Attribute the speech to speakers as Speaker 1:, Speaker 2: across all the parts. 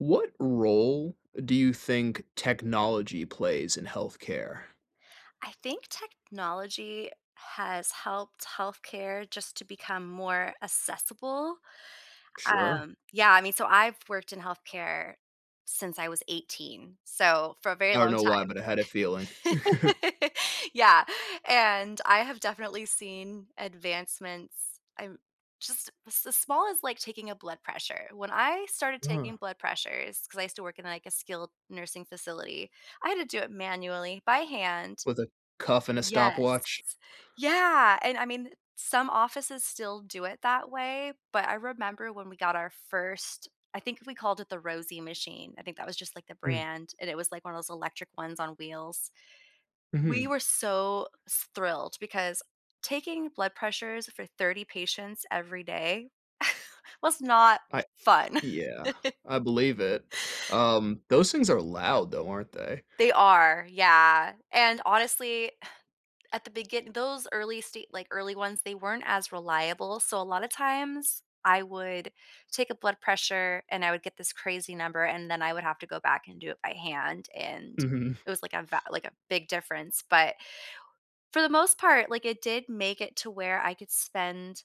Speaker 1: What role do you think technology plays in health care?
Speaker 2: I think technology has helped health care just to become more assessable.
Speaker 1: Sure.
Speaker 2: Um, yeah, I mean, so I've worked in health care since I was 18, so for a very
Speaker 1: I don't
Speaker 2: long
Speaker 1: know why,
Speaker 2: time.
Speaker 1: but I had a feeling.
Speaker 2: Yeah, and I have definitely seen advancements. I'm just the small as like taking a blood pressure. When I started taking
Speaker 1: Uh-huh.
Speaker 2: blood pressures- ‘cause I used to work in, like, a skilled nursing facility- I had to do it manually by hand.
Speaker 1: With a cuff and a
Speaker 2: Yes.
Speaker 1: stopwatch.
Speaker 2: Yeah, and, I mean, some offices still do it that way, but I remember when we got our first I think we called it the Rosie machine- I think that was just, like, the
Speaker 1: Mm.
Speaker 2: brand, and it was, like, one of those electric ones on wheels. We
Speaker 1: Mhm.
Speaker 2: were so s thrilled because taking blood pressures for 30 patients every day was not
Speaker 1: I
Speaker 2: fun.
Speaker 1: Yeah. I believe it. Um, those things are loud, though, aren't they?
Speaker 2: They are. Yeah, and, honestly, at the begin those early stage, like, early ones, they weren't as reliable, so a lot of times I would take a blood pressure and I would get this crazy number, and then I would have to go back and do it by hand, and
Speaker 1: Mhm.
Speaker 2: it was, like, a va like a big difference. But for the most part, like, it did make it to where I could spend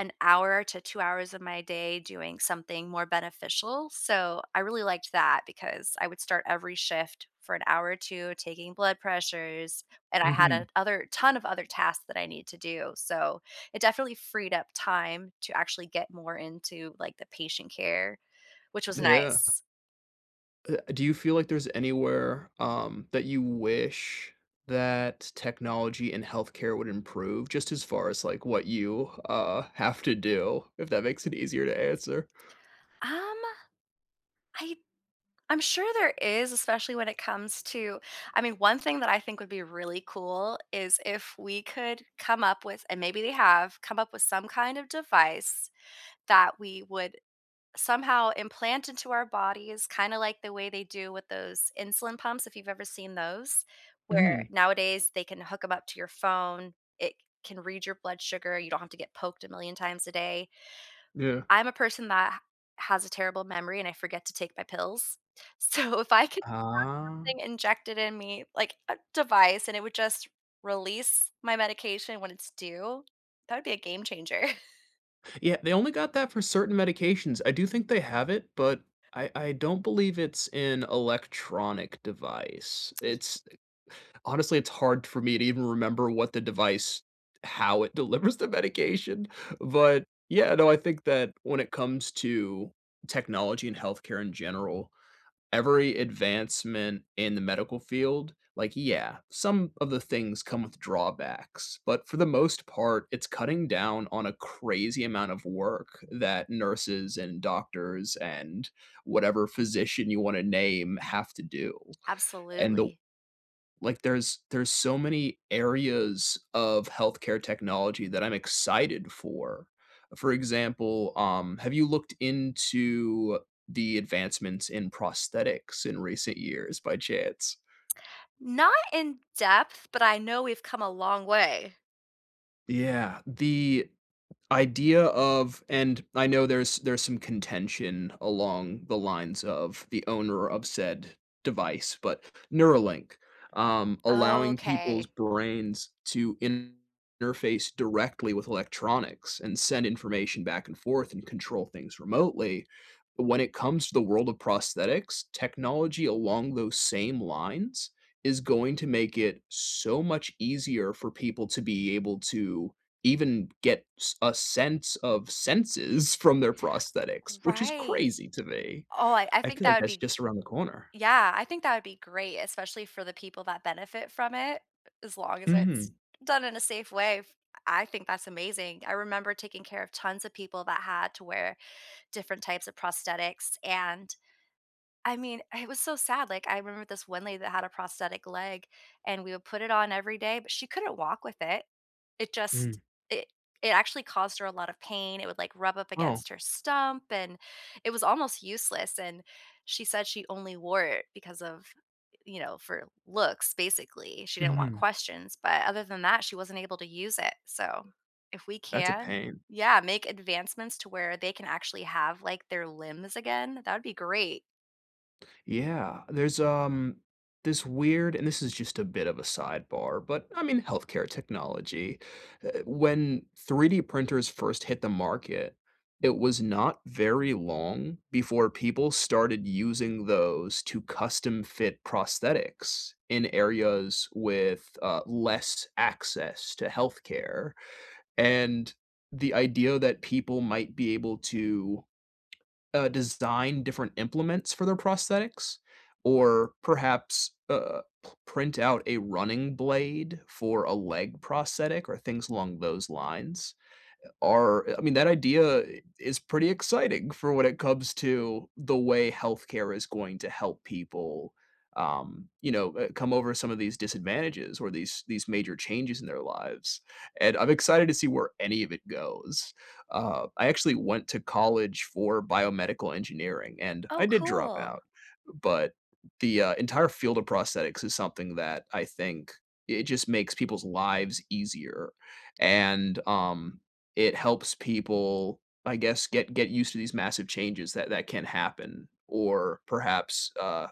Speaker 2: an hour to 2 hours of my day doing something more beneficial, so I really liked that, because I would start every shift for an hour or 2 taking blood pressures, and I had a
Speaker 1: Mhm.
Speaker 2: other ton of other tasks that I needed to do. So, it definitely freed up time to actually get more into, like, the patient care, which was
Speaker 1: Yeah.
Speaker 2: nice.
Speaker 1: Uh, do you feel like there's anywhere, um, that you wish that technology and health care would improve just as far as, like, what you, uh, have to do? If that makes it easier to answer.
Speaker 2: Um, I I'm sure there is, especially when it comes to I mean, one thing that I think would be really cool, is if we could come up with- and maybe they have- come up with some kind of device that we would somehow implant into our bodies, kinda like the way they do with those insulin pumps if you've ever seen those, where
Speaker 1: Mhm.
Speaker 2: nowadays they can hook 'em up to your phone. It can read your blood sugar. You don't have to get poked a million times a day.
Speaker 1: Yeah.
Speaker 2: I'm a person that has a terrible memory, and I forget to take my pills. So, if I could have
Speaker 1: Ah.
Speaker 2: something injected in me, like, a device, and it would just release my medication when it's due, that would be a game changer.
Speaker 1: Yeah, they only got that for certain medications. I do think they have it, but I I don't believe it's an electronic device.
Speaker 2: Ye
Speaker 1: It's th honestly, it's hard for me to even remember what the device how it delivers the medication. But, yeah, no, I think that when it comes to technology and health care in general, every advancement in the medical field like, yeah, some of the things come with drawbacks, but for the most part, it's cutting down on a crazy amount of work that nurses, and doctors, and whatever physician you wanna name have to do, and the
Speaker 2: Absolutely.
Speaker 1: like, there's there's so many areas of health care technology that I'm excited for, for example, um, have you looked into the advancements in prosthetics in recent years by chance?
Speaker 2: Not in-depth, but I know we've come a long way.
Speaker 1: Yeah, the idea of and I know there's there's some contention along the lines of the owner of said device, but Neuralink, um, allowing people's
Speaker 2: Okay.
Speaker 1: brains to interface directly with electronics and send information back and forth and control things remotely. But when it comes to the world of prosthetics, technology along those same lines is going to make it so much easier for people to be able to even get s a sense of senses from their prosthetics, which is
Speaker 2: Right.
Speaker 1: crazy to me.
Speaker 2: Oh, I I
Speaker 1: I
Speaker 2: think
Speaker 1: feel
Speaker 2: that
Speaker 1: like
Speaker 2: would
Speaker 1: that's
Speaker 2: be
Speaker 1: just around the corner.
Speaker 2: yeah, I think that would be great, especially for the people that benefit from it, as long as it's
Speaker 1: Mhm.
Speaker 2: done in a safe way. F I think that's amazing. I remember taking care of tons of people that had to wear different types of prosthetics and, I mean, it was so sad, like, I remember this one lady that had a prosthetic leg, and we would put it on every day, but she couldn't walk with it. It just
Speaker 1: Mm.
Speaker 2: it it actually caused her a lot of pain, it would, like, rub up
Speaker 1: Oh.
Speaker 2: against her stump, and it was almost useless and she said she only wore it because of, eh you know, for looks, basically, she didn't want
Speaker 1: Mhm.
Speaker 2: questions but other than that, she wasn't able to use it. So, if we
Speaker 1: That's a
Speaker 2: can
Speaker 1: pain.
Speaker 2: Yeah, make advancements to where they can actually have, like, their limbs again, that would be great.
Speaker 1: Yeah, there's, um, this weird and this is just a bit of a sidebar, but, I mean, health care technology, uh when 3D printers first hit the market, it was not very long before people started using those to custom-fit prosthetics in areas with, uh, less access to health care, and the idea that people might be able to, uh, design different implements for their prosthetics or perhaps, uh, p print out a running blade for a leg prosthetic or things along those lines are I mean, that idea i is pretty exciting for when it comes to the way health care is going to help people, um, you know, uh, come over some of these disadvantages or these these major changes in their lives. And I'm excited to see where any of it goes, um, I actually went to college for biomedical engineering, and
Speaker 2: Oh,
Speaker 1: I did drop
Speaker 2: cool.
Speaker 1: out, but the, uh, entire field of prosthetics is something that I think it just makes people's lives easier, and, um, it helps people, I guess, get get used to these massive changes that that can happen, or, perhaps, uh,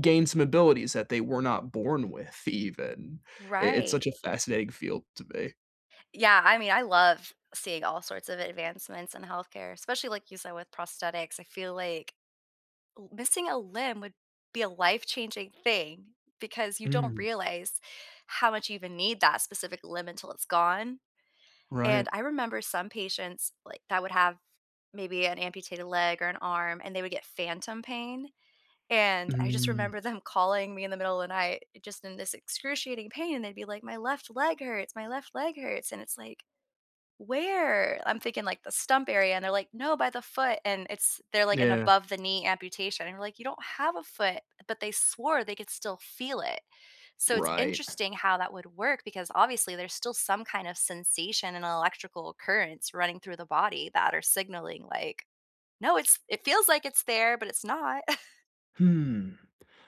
Speaker 1: gain some abilities that they were not born with even. I it's such
Speaker 2: Right.
Speaker 1: a fascinating field to me.
Speaker 2: Yeah, I mean, I love seeing all sorts of advancements in health care, especially, like you said, with prosthetics, I feel like, l missing a limb would be a life-changing thing because you don't
Speaker 1: Mm.
Speaker 2: realize how much you even need that specific limb until it's gone,
Speaker 1: Right.
Speaker 2: and I remember some patients, like, that would have maybe an amputated leg or an arm, and they would get phantom pain, and I just
Speaker 1: Mm.
Speaker 2: remember them calling me in the middle of the night, eh, just in this excruciating pain, they'd be like, "My left leg hurts, my left leg hurts," and it's like, "Where?" I'm thinking, like, the stump area, and they're like, "No, by the foot." And it's they're like an
Speaker 1: Yeah.
Speaker 2: above-the-knee amputation and we're like, "You don't have a foot," but they swore they could still feel it. So it's
Speaker 1: Right.
Speaker 2: interesting how that would work because, obviously, there's still some kind of sensation and electrical occurrence running through the body that are signaling like, "No, it's it feels like it's there, but it's not."
Speaker 1: Hmm,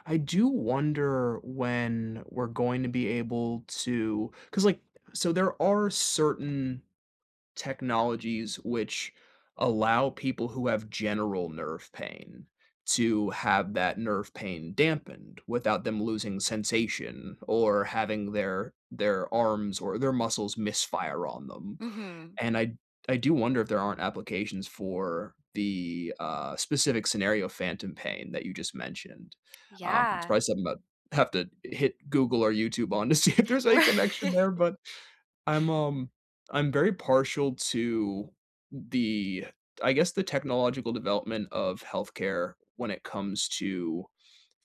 Speaker 1: I do wonder when we're going to be able to 'cause like so, there are certain technologies which allow people who have general nerve pain to have that nerve pain dampened without them losing sensation or having their their arms or their muscles misfire on them.
Speaker 2: Mhm.
Speaker 1: And I I do wonder if there aren't applications for the, uh, specific scenario, phantom pain, that you just mentioned. Um, it's
Speaker 2: Yeah.
Speaker 1: probably something about have to hit Google or YouTube on to see if there's any connection
Speaker 2: Ri
Speaker 1: there, but I'm, um I'm very partial to the I guess, the technological development of health care when it comes to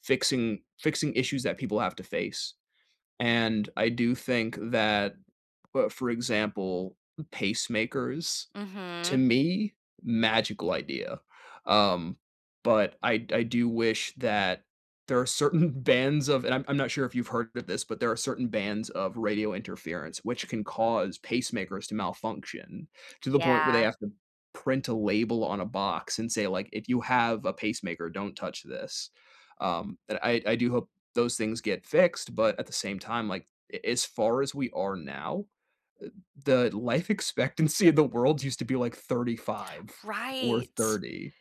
Speaker 1: fixing fixing issues that people have to face, and I do think that, uh, for example, m pacemakers, to
Speaker 2: Mhm.
Speaker 1: me, magical idea, um, but I d I do wish that there are certain bands of and I'm I'm not sure if you've heard of this, but there are certain bands of radio interference which can cause pacemakers to malfunction to the point where they
Speaker 2: Yeah.
Speaker 1: have to print a label on a box and say, like, "If you have a pacemaker, don't touch this." Um, and I I do hope those things get fixed, but at the same time, like, a as far as we are now, eh the life expectancy of the world used to be, like, 35 or
Speaker 2: Right.
Speaker 1: 30,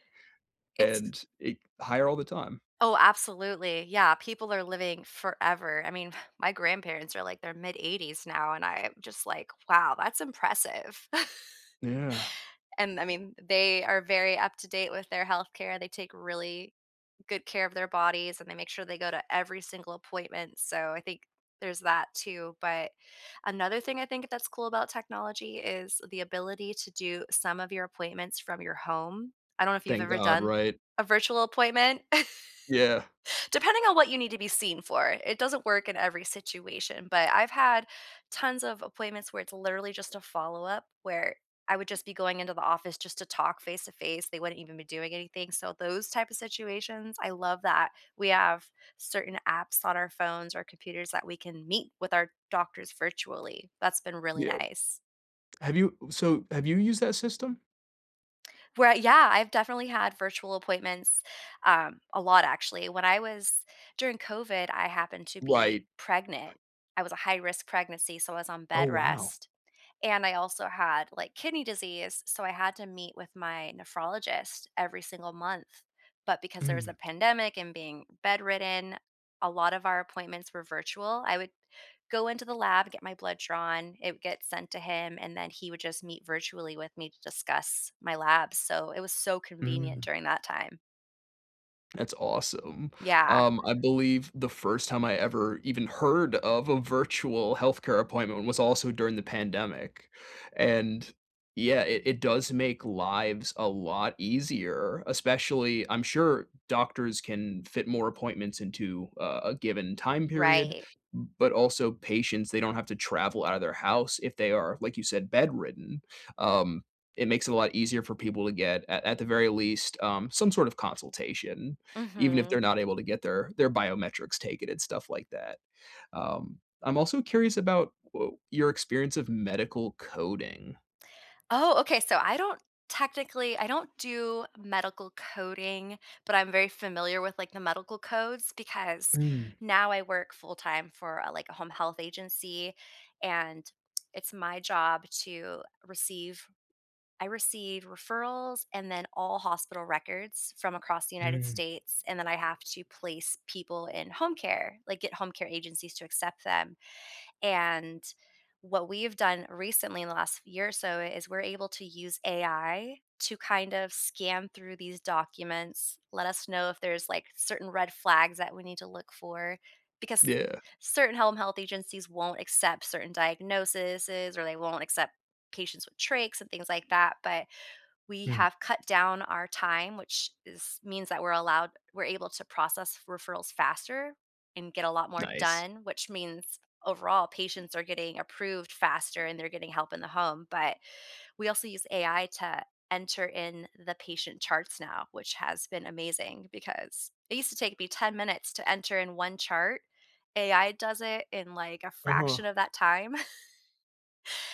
Speaker 2: It's
Speaker 1: and it higher all the time.
Speaker 2: Oh, absolutely, yeah, people are living forever, I mean, my grandparents are, like, their mid-eighties now, and I'm just like, "Wow, that's impressive."
Speaker 1: Yeah.
Speaker 2: And, I mean, they are very up-to-date with their health care, they take really good care of their bodies, and they make sure they go to every single appointment, so I think there's that, too, but another thing I think that's cool about technology is the ability to do some of your appointments from your home. I don't know if you've
Speaker 1: Thank
Speaker 2: ever
Speaker 1: god,
Speaker 2: done
Speaker 1: right?
Speaker 2: a virtual appointment
Speaker 1: Yeah.
Speaker 2: depending on what you need to be seen for, it doesn't work in every situation, but I've had tons of appointments where it's literally just a follow-up where I would just be going into the office just to talk face to face, they wouldn't even be doing anything, so those type of situations, I love that we have certain apps on our phones or computers that we can meet with our doctors virtually. That's been really
Speaker 1: Yeah
Speaker 2: nice.
Speaker 1: have you so, have you used that system?
Speaker 2: Well, yeah, I've definitely had virtual appointments, um, a lot, actually. When I was during COVID, I happened to
Speaker 1: Right.
Speaker 2: be pregnant. I was a high-risk pregnancy, so I was on
Speaker 1: Oh,
Speaker 2: bed
Speaker 1: wow.
Speaker 2: rest. And I also had, like, kidney disease, so I had to meet with my nephrologist every single month. But because there was
Speaker 1: Mm.
Speaker 2: a pandemic and being bedridden, a lot of our appointments were virtual, I would go into the lab, get my blood drawn, it would get sent to him, and then he would just meet virtually with me to discuss my labs, so it was so convenient
Speaker 1: Mm.
Speaker 2: during that time.
Speaker 1: That's awesome.
Speaker 2: Yeah.
Speaker 1: Um, I believe the first time I ever even heard of a virtual health care appointment was also during the pandemic. And, yeah, it it does make lives a lot easier, especially I'm sure doctors can fit more appointments into, uh, a given time period,
Speaker 2: Right.
Speaker 1: but also patients, they don't have to travel out of their house if they are, like you said, bedridden. Um, it makes it a lot easier for people to get at at the very least, um, some sort of consultation even if they're
Speaker 2: Mhm.
Speaker 1: not able to get their their biometrics taken and stuff like that. Um, I'm also curious about wh your experience of medical coding.
Speaker 2: Oh, okay so, I don't technically, I don't do medical coding, but I'm very familiar with, like, the medical codes because
Speaker 1: Mm.
Speaker 2: now I work full-time for a like, a home health agency, and it's my job to receive I receive referrals and then all hospital records from across the United
Speaker 1: Mm.
Speaker 2: States, and then I have to place people in home care, like get home care agencies to accept them. And, what we've done recently in the last year or so is we're able to use AI to kind of scan through these documents, let us know if there's, like, certain red flags that we need to look for because
Speaker 1: Yeah.
Speaker 2: certain home health agencies won't accept certain diagnosis's or they won't accept patients with trachs and things like that, but we
Speaker 1: Mm.
Speaker 2: have cut down our time, which is means that we're allowed we're able to process referrals faster and get a lot more
Speaker 1: Nice.
Speaker 2: done, which means, overall, patients are getting approved faster and they're getting help in the home, but we also use AI to enter in the patient charts now, which has been amazing because it used to take me 10 minutes to enter in one chart. AI does it in, like, a
Speaker 1: Uh-huh.
Speaker 2: fraction of that time.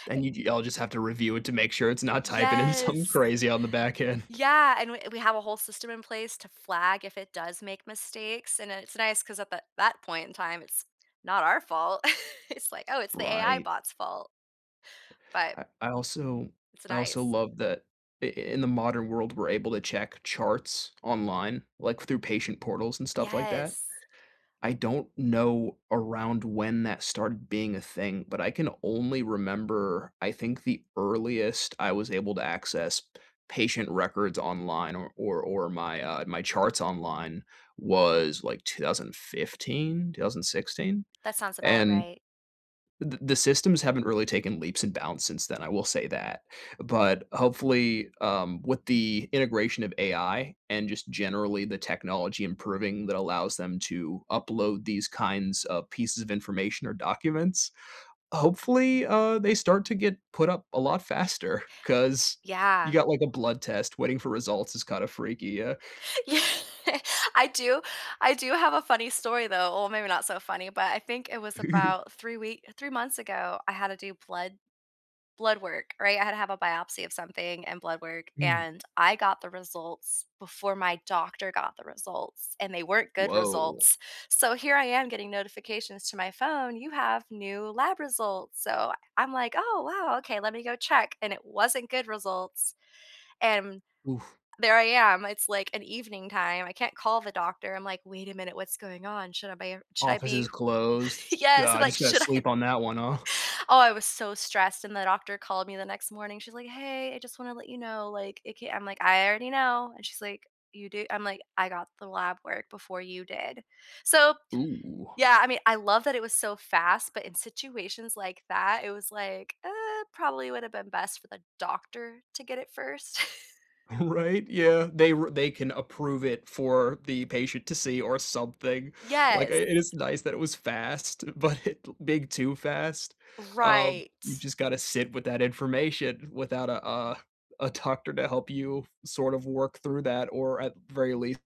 Speaker 1: Then you'd y'all just have to review it to make sure it's not typing in some
Speaker 2: Yes.
Speaker 1: crazy on the back end.
Speaker 2: Yeah and we we have a whole system in place to flag if it does make mistakes, and it's nice 'cause at that that point in time, it's not our fault. It's like, "Oh, it's the AI
Speaker 1: Right.
Speaker 2: bot's fault." But
Speaker 1: I I also
Speaker 2: It's
Speaker 1: I also
Speaker 2: nice.
Speaker 1: love that in in the modern world, we're able to check charts online, like through patient portals and stuff like that.
Speaker 2: Yes.
Speaker 1: I don't know around when that started being a thing, but I can only remember I think the earliest I was able to access patient records online or or or my, uh my charts online was like 2015, 2016?
Speaker 2: That sounds about
Speaker 1: And,
Speaker 2: right.
Speaker 1: th the systems haven't really taken leaps and bounds since then, I will say that. But, hopefully, um, with the integration of AI and just generally the technology improving that allows them to upload these kinds of pieces of information or documents, hopefully, uh, they start to get put up a lot faster 'cause you
Speaker 2: Yeah.
Speaker 1: got, like, a blood test waiting for results is kinda freaky, yeah.
Speaker 2: Yeah, I do I do have a funny story, though well, maybe not so funny, but I think it was about 3 wee 3 months ago, I had to do blood blood work, right? I had to have a biopsy of something and blood work,
Speaker 1: Mm.
Speaker 2: and I got the results before my doctor got the results, and they weren't good
Speaker 1: Woah.
Speaker 2: results. So, here I am getting notifications to my phone, "You have new lab results." So, I'm like, "Oh, wow okay let me go check." And it wasn't good results. And
Speaker 1: Oof.
Speaker 2: there I am, it's, like, an evening time, I can't call the doctor, I'm like, "Wait a minute, what's going on? Should I be should I
Speaker 1: Office
Speaker 2: be"
Speaker 1: is closed.
Speaker 2: Yes, so
Speaker 1: God, you
Speaker 2: like,
Speaker 1: just gotta
Speaker 2: should I
Speaker 1: sleep on that one, huh?
Speaker 2: Oh, I was so stressed, and the doctor called me the next morning, she's like, "Hey, I just wanna let you know, like, it can't" I'm like, "I already know." And she's like, "You do?" I'm like, "I got the lab work before you did." So,
Speaker 1: Ooh.
Speaker 2: yeah, I mean, I love that it was so fast, but in situations like that, it was like, uh, probably would have been best for the doctor to get it first.
Speaker 1: Right? Yeah, they r they can approve it for the patient to see or something. Like, uh,
Speaker 2: Yes.
Speaker 1: it is nice that it was fast, but big too fast. Um, you
Speaker 2: Right.
Speaker 1: just gotta sit with that information without a, uh a doctor to help you sort of work through that or at very least